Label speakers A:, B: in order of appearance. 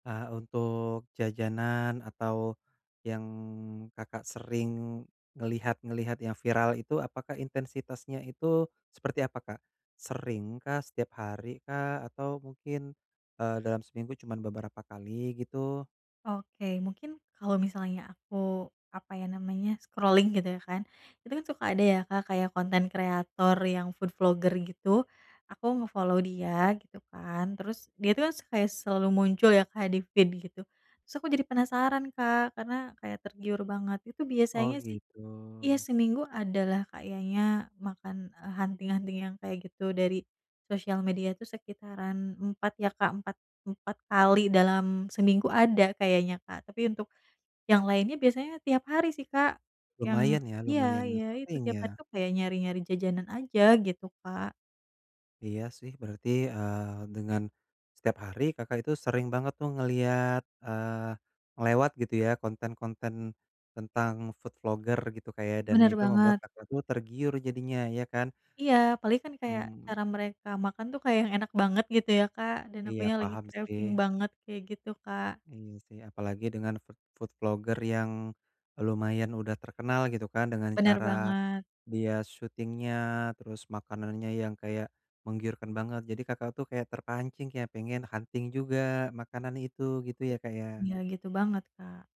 A: Eee, untuk jajanan atau yang Kakak sering ngelihat-ngelihat yang viral itu apakah intensitasnya itu seperti apa, Kak? Seringkah, setiap harikah, atau mungkin, eee, dalam seminggu cuman beberapa kali gitu?
B: Oke, mungkin kalau misalnya aku apa ya namanya scrolling gitu ya kan. Itu kan suka ada ya Kak kayak content creator yang food vlogger gitu aku nge-follow dia gitu kan. Terus dia tuh kan se kaya selalu muncul ya, Kak, di feed gitu, terus aku jadi penasaran Kak karena kayak tergiur banget, itu
A: Oh
B: biasanya sih
A: gitu.
B: iya seminggu ada lah kayaknya makan, eee, hunting-hunting yang kayak gitu dari sosial media tuh sekitaran 4 ya Kak, empat empat kali dalam seminggu ada kayaknya, Kak. Tapi untuk yang lainnya biasanya tiap hari sih Kak, yang
A: Lumayan ya,
B: ya
A: lumayan
B: ya itu
A: sering
B: tiap hari
A: ya.
B: tuh kayak nyari-nyari jajanan aja gitu, Kak.
A: Iya sih berarti, eee, dengan setiap hari Kakak itu sering banget tuh ngelihat, eee, ngelewat gitu ya konten-konten tentang food vlogger gitu Kak ya, dan
B: Bener
A: itu membuat
B: banget.
A: Kakak tuh tergiur jadinya, ya kan?
B: Iya paling kan kayak
A: Mmm.
B: cara mereka makan tuh kayak yang enak banget gitu ya, Kak. Dan
A: Iya,
B: akunya lagi
A: paham
B: craving
A: sih.
B: banget kayak gitu, Kak.
A: Iya sih, apalagi dengan food food vlogger yang lumayan udah terkenal gitu kan dengan
B: Bener
A: cara
B: banget.
A: dia shooting-nya, terus makanannya yang kayak menggiurkan banget, jadi Kakak tuh kayak terpancing ya pengen hunting juga makanan itu. Gitu ya, Kak ya?
B: Ya gitu banget, Kak.